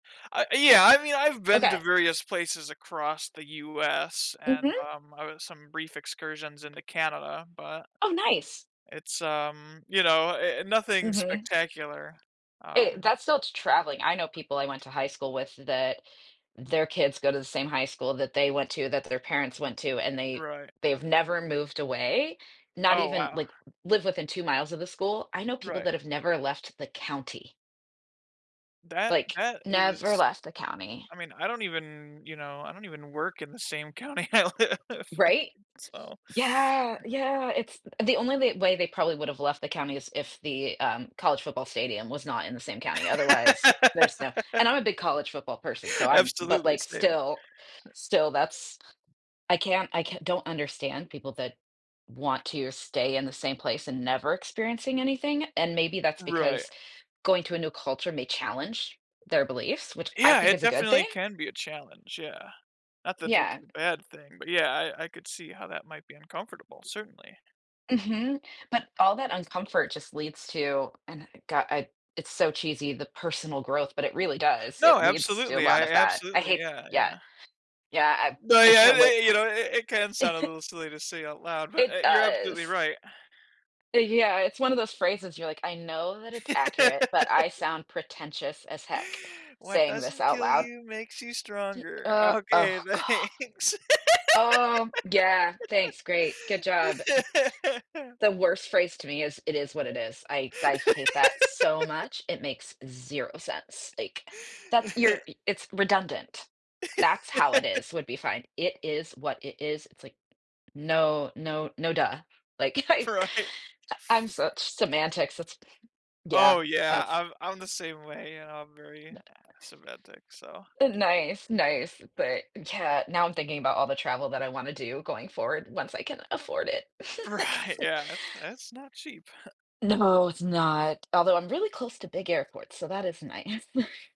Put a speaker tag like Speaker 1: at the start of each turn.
Speaker 1: I uh, yeah, I mean, I've been to
Speaker 2: Okay.
Speaker 1: various places across the US and,
Speaker 2: Mhm.
Speaker 1: um, I had some brief excursions into Canada, but
Speaker 2: Oh, nice.
Speaker 1: it's, um, you know, uh uh, nothing
Speaker 2: Mhm.
Speaker 1: spectacular,
Speaker 2: Eh,
Speaker 1: um
Speaker 2: that's still t traveling, I know people I went to high school with that their kids go to the same high school that they went to, that their parents went to, and they
Speaker 1: Right.
Speaker 2: they've never moved away. Not
Speaker 1: Oh,
Speaker 2: even,
Speaker 1: wow.
Speaker 2: like, live within 2 miles of the school. I know people
Speaker 1: Right.
Speaker 2: that have never left the county.
Speaker 1: That
Speaker 2: Like,
Speaker 1: that
Speaker 2: never
Speaker 1: is
Speaker 2: left the county.
Speaker 1: I mean, I don't even, you know, I don't even work in the same county I live in,
Speaker 2: Right?
Speaker 1: so
Speaker 2: Yeah, yeah, it's the only they way they probably would’ve have left the county is if the, um, college football stadium was not in the same county, otherwise, there's no and I'm a big college football person, so I'm but,
Speaker 1: Absolutely,
Speaker 2: like,
Speaker 1: same.
Speaker 2: still still, that's I can't, I can don't understand people that want to stay in the same place and never experiencing anything, and maybe that's
Speaker 1: Right.
Speaker 2: because going to a new culture may challenge their beliefs, which I
Speaker 1: Yeah,
Speaker 2: think
Speaker 1: it
Speaker 2: is a good
Speaker 1: definitely
Speaker 2: thing.
Speaker 1: can be a challenge, yeah. Not that it's
Speaker 2: Yeah.
Speaker 1: a bad thing, but yeah, I I could see how that might be uncomfortable, certainly.
Speaker 2: Mhm, but all that uncomfort just leads to and I g i it's so cheesy, the personal growth, but it really does, it
Speaker 1: No,
Speaker 2: leads to a
Speaker 1: absolutely,
Speaker 2: lot
Speaker 1: I
Speaker 2: of that. I
Speaker 1: absolutely
Speaker 2: hate
Speaker 1: yeah,
Speaker 2: yeah.
Speaker 1: yeah.
Speaker 2: Yeah, I
Speaker 1: But,
Speaker 2: I
Speaker 1: yeah,
Speaker 2: can't wait.
Speaker 1: i you know, it it can sound a little silly to say out loud, but,
Speaker 2: It
Speaker 1: eh, you're absolutely
Speaker 2: does.
Speaker 1: right.
Speaker 2: Yeah, it's one of those phrases you're like, "I know that it's accurate, but I sound pretentious as heck,
Speaker 1: What
Speaker 2: saying this
Speaker 1: doesn't
Speaker 2: out
Speaker 1: kill
Speaker 2: loud."
Speaker 1: you makes you
Speaker 2: G
Speaker 1: stronger.
Speaker 2: uh
Speaker 1: Okay,
Speaker 2: oh, god.
Speaker 1: thanks.
Speaker 2: Oh, yeah, thanks, great, good job, m the worst phrase to me is, "it is what it is." I I hate that so much, it makes zero sense. Like, that's you're it's redundant. "That's how it is," would be fine, "it is what it is," it's like, no, no, no, duh. Like, I
Speaker 1: Right.
Speaker 2: I'm such semantics, it's
Speaker 1: Oh
Speaker 2: yeah,
Speaker 1: yeah,
Speaker 2: that's
Speaker 1: I'm I'm the same way, and I'm very
Speaker 2: Uh
Speaker 1: semantic, so
Speaker 2: Nice, nice, but yeah, now I'm thinking about all the travel that I wanna do going forward once I can afford it, like
Speaker 1: Right,
Speaker 2: [unintelligible]
Speaker 1: yeah, that's that's not cheap.
Speaker 2: No, it's not, although I'm really close to big airports, so that is nice.